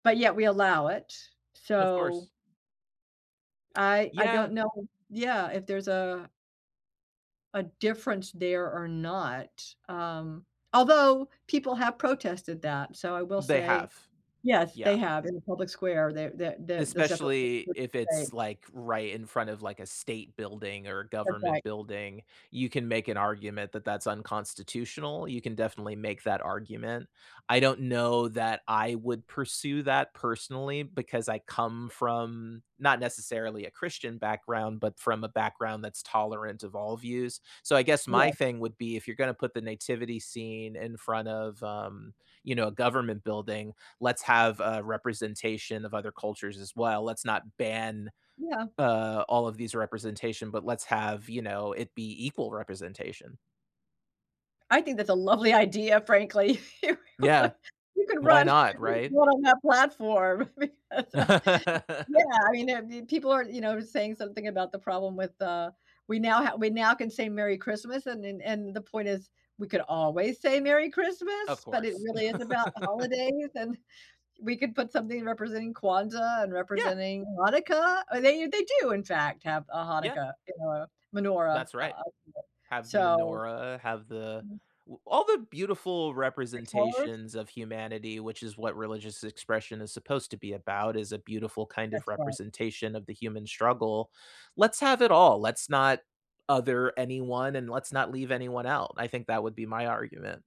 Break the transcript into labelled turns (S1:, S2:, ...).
S1: But, yet, we allow it.
S2: Of
S1: So
S2: course.
S1: I I don't
S2: Yeah.
S1: know yeah, if there's a a difference there, or not, um, although people have protested that. So, I will
S2: They
S1: say,
S2: have.
S1: yes,
S2: Yeah.
S1: they have in the public square there the the the separate
S2: Especially, if
S1: [unintelligible]
S2: it's,
S1: saint.
S2: like, right in front of, like, a state building, or a
S1: That's
S2: government
S1: right.
S2: building, you can make an argument that that's unconstitutional. You can definitely make that argument. I don't know that I would pursue that, personally, because I come from, not necessarily a Christian background, but from a background that's tolerant of all views. So, I guess, my
S1: Yes.
S2: thing would be, if you're gonna put the nativity scene in front of, um, you know, a government building, let's have a representation of other cultures as well. Let's not ban,
S1: Yeah.
S2: uh, all of these representation, but let's have, you know, it be equal representation.
S1: I think that's a lovely idea, frankly. Here you could
S2: Yeah.
S1: you could
S2: Why
S1: rant
S2: not,
S1: you could
S2: right?
S1: rant on that platform because, uh, yeah, you know, there people aren't, you know, saying something about the problem with, uh we now ha we now can say, "Merry Christmas," and and and the point is we could always say, "Merry
S2: Of
S1: Christmas," but it
S2: course.
S1: really is about holidays, and we could put something representing Kwanzaa, and
S2: Yeah.
S1: representing Hanukkah. Oh, they they do, in fact, have a
S2: Yeah.
S1: Hanukkah, you know, menorah,.
S2: That's right.
S1: [unintelligible]
S2: Have the
S1: So
S2: menorah, have the
S1: mhm.
S2: we all the beautiful
S1: Like Torahs?
S2: representations of humanity, which is what religious expression is supposed to be about, is a beautiful kind of
S1: That's right.
S2: representation of the human struggle. Let's have it all. Let's not other anyone, and let's not leave anyone out. I think that would be my argument.